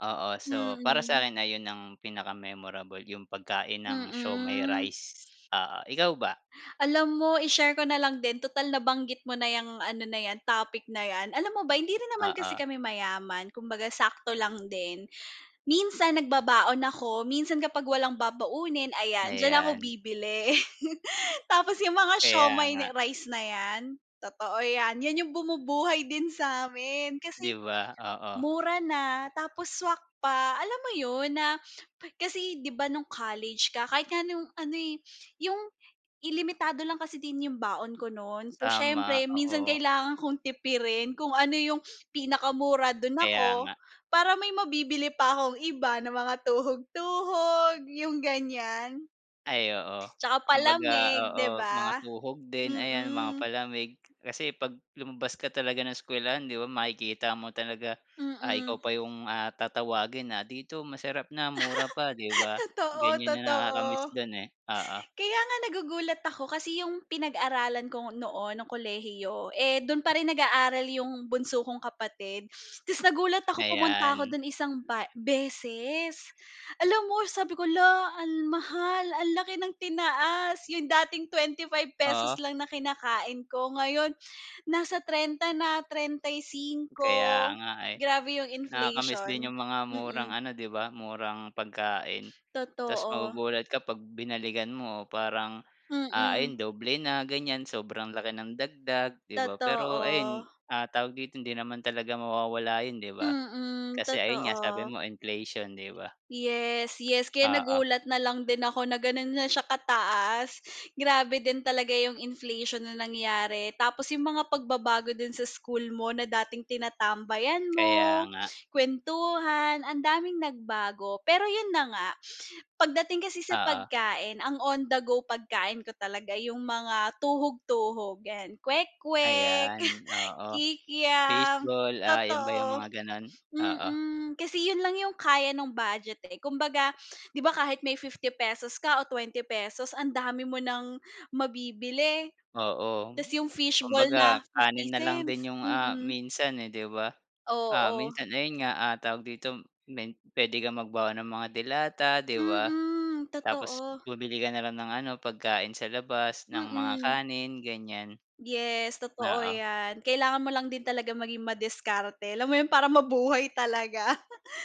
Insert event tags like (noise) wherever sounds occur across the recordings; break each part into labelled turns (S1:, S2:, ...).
S1: Oo, so para
S2: Mm.
S1: sa'kin ay yun ang pinaka-memorable yung pagkain ng shomai
S2: Mm.
S1: rice. Oo ikaw ba?
S2: Alam mo i-share ko na lang din tutal nabanggit mo na 'yang ano na 'yan, topic na 'yan, alam mo ba hindi rin naman kasi
S1: Oo.
S2: kami mayaman kumbaga sakto lang din. Minsan nagbabaon ako, minsan kapag walang babaunin ayan diyan ako
S1: Ayan.
S2: bibili. (chuckles) Tapos 'yong mga
S1: Kaya
S2: siomai na
S1: nga.
S2: rice na 'yan? Totoo 'yan 'yan 'yong bumubuhay din sa amin
S1: Di
S2: kasi
S1: ba oo.
S2: mura na tapos swak pa, alam mo 'yon na Kasi 'di ba nung college ka kahit nga ano eh, yong i limitado lang kasi din 'yong baon ko no'n, so
S1: Tama
S2: siyempre minsan
S1: oo.
S2: kailangan kong tipirin kung ano 'yong pinakamura do'n
S1: Kaya
S2: ako.
S1: nga.
S2: Para may mabibili pa akong iba na mga tuhog-tuhog, yung ganyan.
S1: Ay oo.
S2: Tsaka
S1: Kumbaga
S2: palamig,
S1: oo,
S2: di
S1: mga
S2: ba?
S1: tuhog din ayan mga
S2: Mm.
S1: palamig kasi 'pag lumabas ka talaga ng eskuwelahan 'di ba makikita mo talaga. Ah,
S2: Mm.
S1: ikaw pa 'yong, ah, tatawagin na dito masarap na mura pa, 'di
S2: (laughs)
S1: ba?
S2: Totoo,
S1: Ganyan na nakaka-miss
S2: totoo.
S1: do'n eh. Oo.
S2: Kaya nga nagugulat ako kasi 'yong pinag-aralan ko noon ng kolehiyo, eh doon pa rin nag-aaral 'yong bunso kong kapatid. Tas nagulat ako pumunta ako
S1: Ayan.
S2: do'n isang ba beses. Alam mo sabi ko, luh ang mahal ang laki ng tinaas 'yong dating ₱25
S1: Oo.
S2: lang na kinakain ko ngayon, nasa 30 na trentay
S1: Kaya
S2: singko.
S1: nga eh.
S2: Grabe 'yong
S1: Nakaka-miss din
S2: inflation.
S1: yung mga murang
S2: Mm.
S1: ano, 'di ba murang pagkain. Tas
S2: Totoo.
S1: magugulat ka 'pag binalikan mo parang, ah, ayon
S2: Mm.
S1: doble na ganyan sobrang laki ng dagdag, di ba. Pero ayun,
S2: Totoo.
S1: ah, tawag dito hindi naman talaga mawawala yun, 'di ba.
S2: Mm,
S1: Kasi ayun nga sabi
S2: totoo.
S1: mo inflation, 'di ba.
S2: Yes, yes, kaya
S1: Oo.
S2: nagulat na lang din ako na ganon na siya kataas, grabe din talaga yung inflation na nangyari. Tapos yung mga pagbabago din sa school mo na dating tinatambayan
S1: Kaya
S2: mo,
S1: nga.
S2: kwentuhan, ang daming nagbago. Pero yun na nga, pagdating kasi sa
S1: Oo.
S2: pagkain ang on the go pagkain ko talaga yung mga tuhog-tuhog yan kwek-kwek,
S1: Ayan oo.
S2: kikiam.
S1: Baseball, ah, yun ba yung
S2: Totoo.
S1: mga ganon. Oo.
S2: Mm, kasi yun lang yung kaya nung budget eh, kumbaga, di ba kahit may ₱50 ka o ₱20 ang dami mo ng mabibili.
S1: Oo.
S2: Tas yung fish ball na
S1: Kumbaga
S2: fifty
S1: kanin na lang
S2: cents
S1: din yung, ah,
S2: mm.
S1: minsan eh 'di ba. Ah,
S2: Oo.
S1: minsan ayun nga, ah, tawag dito men puwede kang magbaon ng mga delata, 'di ba.
S2: Mm,
S1: Tapos
S2: totoo.
S1: bumili ka na lang ng ano, pagkain sa labas ng mga
S2: Mm.
S1: kanin, ganyan.
S2: Yes, totoo
S1: Oo.
S2: 'yan. Kailangan mo lang din talaga maging madiskarte alam mo 'yon para mabuhay talaga.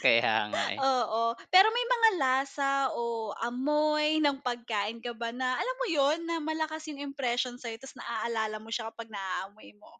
S1: Kaya nga eh.
S2: Oo, pero may mga lasa o amoy ng pagkain ka ba na, alam mo yun na malakas yung impression sa'yo tas na-aalala mo sya kapag naamoy mo?